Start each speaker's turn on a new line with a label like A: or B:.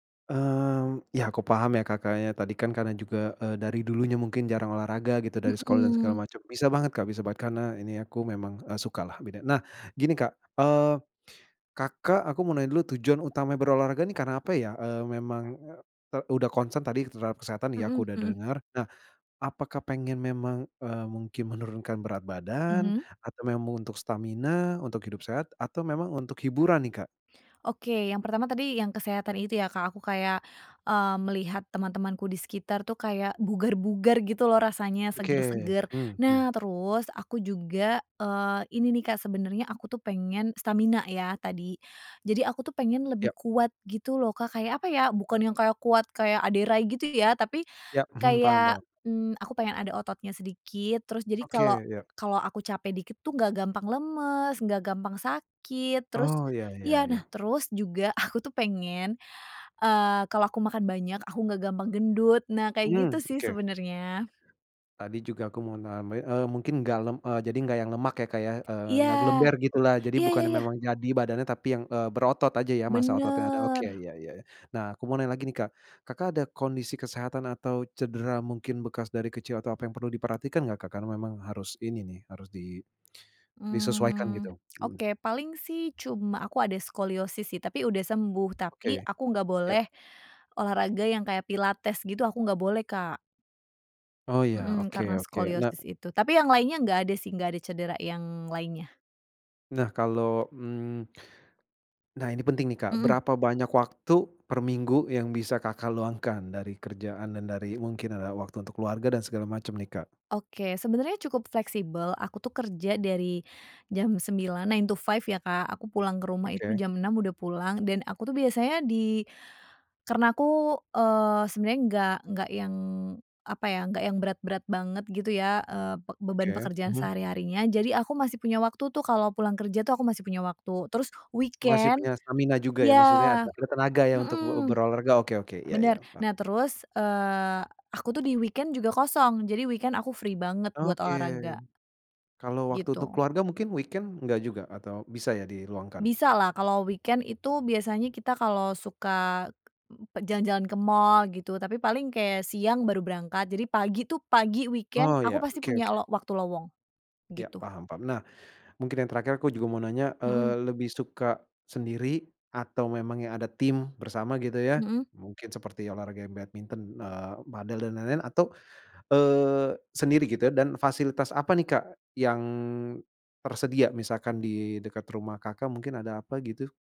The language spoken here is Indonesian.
A: Mmm, ya aku paham ya, Kak. Kakaknya tadi kan karena juga, eee, dari dulunya mungkin jarang olahraga gitu dari sekolah dan segala
B: Mhm.
A: macam. Bisa banget, Kak, bisa banget karena ini aku memang, eee, sukalah, beda. Nah, gini, Kak, eee, Kakak, aku mau nanya dulu tujuan utama berolahraga nih karena apa ya? Eee, memang, e e udah concern tadi terhadap kesehatan ya,
B: Mhm
A: aku udah
B: mhm.
A: denger. Nah, apakah pengen memang, eee, mungkin menurunkan berat badan?
B: Mhm.
A: Atau memang untuk stamina, untuk hidup sehat atau memang untuk hiburan nih, Kak?
B: Oke, yang pertama tadi yang kesehatan itu ya, Kak. Aku kayak, eee, melihat teman-temanku di sekitar tuh kayak bugar-bugar gitu loh rasanya
A: Oke.
B: seger-seger.
A: Mmm, hmm.
B: Nah terus aku juga, eee, ini nih, Kak, sebenernya aku tuh pengen stamina ya tadi. Jadi aku tuh pengen lebih
A: Ya.
B: kuat gitu loh, Kak, kayak apa ya, bukan yang kayak kuat kayak Ade Rai gitu ya, tapi
A: Ya. Mhm, paham paham.
B: kayak, mmm, aku pengen ada ototnya sedikit terus jadi kalau
A: Oke. Iya.
B: kalau aku capek dikit tuh nggak gampang lemes, nggak gampang sakit, terus
A: Oh, iya iya
B: iya. Nah
A: iya.
B: terus juga aku tuh pengen, eee, kalau aku makan banyak, aku nggak gampang gendut. Nah kayak gitu
A: Mmm,
B: sih
A: oke.
B: sebenernya.
A: Tadi juga aku mau name eee, mungkin nggak lem eee, jadi nggak yang lemak ya, Kak, ya? Eee,
B: Iya.
A: nggak gelember gitulah, jadi
B: Iya
A: bukan
B: iya
A: yang
B: iya.
A: memang jadi badannya tapi yang, eee, berotot aja ya. Masa ototnya ada. Oke,
B: Bener.
A: iya iya. Nah aku mau nanya lagi nih, Kak, Kakak ada kondisi kesehatan atau cedera mungkin bekas dari kecil atau apa yang perlu diperhatikan nggak, Kakak? Memang harus ini nih harus di disesuaikan
B: Mmm,
A: gitu. Mhm.
B: oke, paling sih cuma aku ada skoliosis sih tapi udah sembuh. Tapi
A: Oke.
B: aku nggak
A: Ya.
B: boleh olahraga yang kayak pilates gitu aku nggak boleh, Kak.
A: Oh, iya,
B: Mhm,
A: oke
B: karena
A: oke. Nah
B: skoliosis itu. Tapi yang lainnya nggak ada sih, nggak ada cedera yang lainnya.
A: Nah, kalo, mmm nah ini penting nih Kak,
B: Mhm.
A: berapa banyak waktu per minggu yang bisa Kakak luangkan, dari kerjaan dan dari mungkin, eee, waktu untuk keluarga dan segala macem nih, Kak?
B: Oke, sebenarnya cukup fleksibel. Aku tuh kerja dari jam 9, nine to five ya, Kak. Aku pulang ke rumah itu
A: Oke.
B: jam 6 udah pulang dan aku tuh biasanya di karena aku, eee, sebenernya nggak nggak yang apa ya, nggak yang berat-berat banget gitu ya, eee, be beban
A: Oke.
B: pekerjaan
A: Mhm.
B: sehari-harinya. Jadi aku masih punya waktu tuh kalau pulang kerja tuh aku masih punya waktu terus
A: Masih
B: weekend
A: punya stamina juga ya? Maksudnya
B: ya,
A: ada ada tenaga ya untuk ber
B: mhm.
A: berolahraga. Oke oke. Iya iya.
B: Bener.
A: Pa
B: Nah terus, eee, aku tuh di weekend juga kosong jadi weekend aku free banget buat
A: Oke.
B: olahraga.
A: Kalo waktu untuk
B: Gitu.
A: keluarga mungkin weekend nggak juga? Atau bisa ya di luangkan?
B: Bisalah kalau weekend itu biasanya kita kalau suka jalan-jalan ke mall gitu, tapi paling kayak siang baru berangkat jadi pagi tuh pagi weekend
A: Oh,
B: aku
A: iya.
B: pasti
A: Oke
B: punya
A: oke.
B: lo waktu lowong.
A: Ya,
B: Gitu.
A: paham paham. Nah, mungkin yang terakhir, aku juga mau nanya,
B: Mhm.
A: eee, lebih suka sendiri atau memang yang ada tim bersama gitu ya,
B: Mhm.
A: mungkin seperti olahraga badminton, eee, padel, dan lain-lain atau, eee, sendiri gitu ya? Dan fasilitas apa nih, Kak, yang tersedia? Misalkan di dekat rumah Kakak mungkin ada apa gitu.